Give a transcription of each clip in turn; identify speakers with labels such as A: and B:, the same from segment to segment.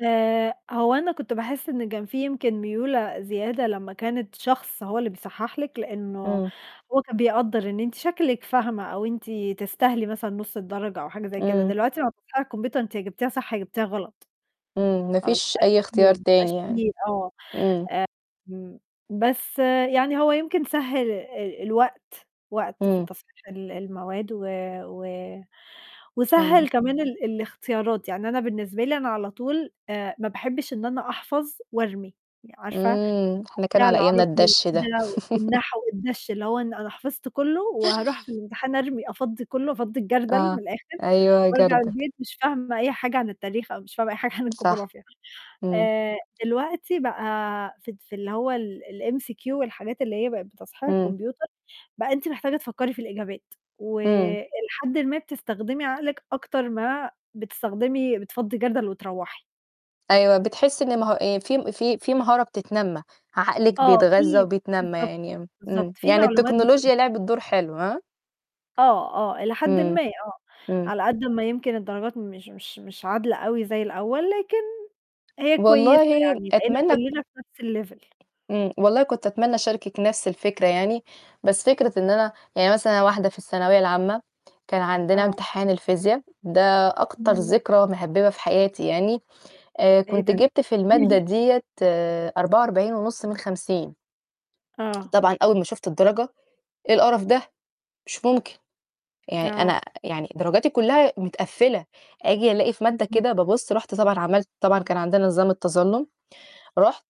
A: آآ، هو أنا كنت باحِس إن كان في يمكن ميولة زيادة لمّا كانت شخص هو اللي بيصحّح لِك، لإنّه
B: إمم.
A: هو كان بيقدّر إن أنتِ شكلِك فاهمة أو أنتِ تستاهلي مثلًا نُص الدرجة أو حاجة زي كده،
B: إمم.
A: دلوقتي [unintelligible] الكمبيوتر أنتِ يا جبتيها صح، يا جبتيها غلط.
B: إمم، ما
A: خلاص ما
B: فيش
A: بقاش
B: أي
A: في
B: اختيار
A: ما بقاش
B: تاني يعني.
A: في آه.
B: إمم.
A: آمم، بس يعني هو يمكن سهّل ال الوقت، وقت في
B: إمم.
A: تصحيح ال المواد و و
B: تمام.
A: وسهّل كمان ال الاختيارات، يعني أنا بالنسبة لي أنا على طول آآ ما باحبّش إن أنا أحفظ وأرمي، عارفة،
B: إمم، إحنا كان
A: وبتاع
B: على أيامنا
A: العربي
B: الدَش ده.
A: وكده والنحو والدَش، اللي هو أنا حفظت كُلّه وهاروح في الامتحان أرمي، أفضي كُلّه، أفضّي الجردَل من
B: آه،
A: الآخِر،
B: أيوه
A: وأرجع
B: جردَل.
A: البيت مش فاهمة أي حاجة عن التاريخ أو مش فاهمة أي حاجة عن
B: صح.
A: الجغرافيا.
B: إمم.
A: آآ دلوقتي بقى في ت في اللي هو ال الMCQ والحاجات اللي هي بقت بتصحيح
B: إمم.
A: الكمبيوتر، بقى أنتِ محتاجة تفكّري في الإجابات،
B: إمم.
A: وإلى حدٍ ما بتستخدمي عقلِك أكتر ما بتستخدمي بتفضّي جردَل وتروَّحي.
B: أيوه، بتحِس إن مه آآ في م في في مهارة بتتنمّى، عقلِك
A: آه،
B: بيتغذّى
A: في
B: وبيتنمّى
A: بالضبط،
B: يعني
A: بالضبط،
B: إمم.
A: في
B: يعني
A: معلومات
B: التكنولوجيا
A: بتوضح.
B: لعبت دور حلو، ها؟
A: آه، آه، إلى حدٍ
B: إمم.
A: ما، آه.
B: إمم.
A: على قد ما يمكن الدرجات مش مش مش عادلة أوي زي الأول، لكن هي كويسة،
B: والله
A: يعني بقينا
B: أتمنّى تك
A: كُلّنا في نَفْس الlevel.
B: إمم، والله كنت أتمنّى أشاركِك نَفْس الفكرة يعني، بس فكرة إن أنا يعني مثلًا أنا واحدة في الثانوية العامة، كان عندنا
A: آه.
B: امتحان الفيزيا ده أكتر
A: اهم.
B: ذكرى مهبِّبة في حياتي يعني، آآ
A: إيه
B: كنت
A: ده؟
B: جِبت في
A: قولي
B: المادة
A: لي.
B: ديّة 44.5 من 50.
A: آه.
B: طبعًا أول ما شُفت الدرجة، إيه القرف ده؟ مش ممكن. يعني أنا
A: آه.
B: يعني درجاتي كُلّها مِتقفِّلة، آجي ألاقي في مادة
A: إمم.
B: كده بابُص، رُحت طبعًا عملت طبعًا كان عندنا نظام التظلُّم، رُحت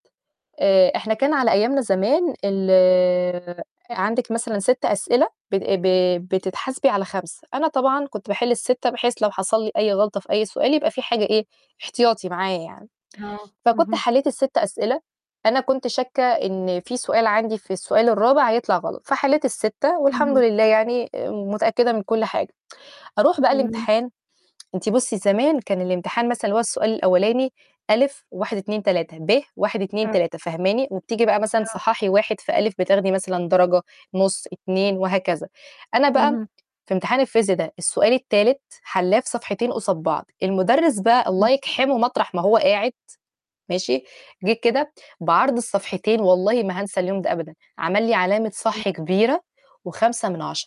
B: آآ إحنا كان على أيامنا زمان ال عندِك مثلًا 6 أسئلة بت ب بتتحاسبي على 5، أنا طبعًا كنت باحل ال6 بحيث لو حصل لي أي غلطة في أي سؤال يبقى في حاجة إيه، احتياطي معايا يعني.
A: آه،
B: فكنت
A: اهم.
B: حلّيت ال6 أسئلة، أنا كنت شاكة إن في سؤال عندي في السؤال الرابع هيطلع غلط، فحليت الستة، والحمد
A: اهم.
B: لله يعني آآ متأكدة من كل حاجة. أروح بقى
A: إمم.
B: الامتحان، أنتِ بُصّي زمان كان الامتحان مثلًا اللي هو السؤال الأولاني أ و1، 2، 3 ب: واحد، اتنين،
A: [unintelligible]
B: تلاتة فاهماني؟ وبتيجي بقى مثلًا
A: آه.
B: صحّحي واحد في أ بتاخدي مثلًا درجة، نُص، 2 وهكذا. أنا بقى
A: اهم.
B: في امتحان الفيزيا ده، السؤال التالت حلّاه في صفحتين قُصاد بعض، المدرس بقى
A: إمم.
B: الله يجْحِمُه مطرح ما هو قاعد، ماشي، جِه كده بعرض الصفحتين والله ما هانسى اليوم ده أبدًا، عمل لي علامة
A: [unintelligible]
B: صح كبيرة و5 من 10.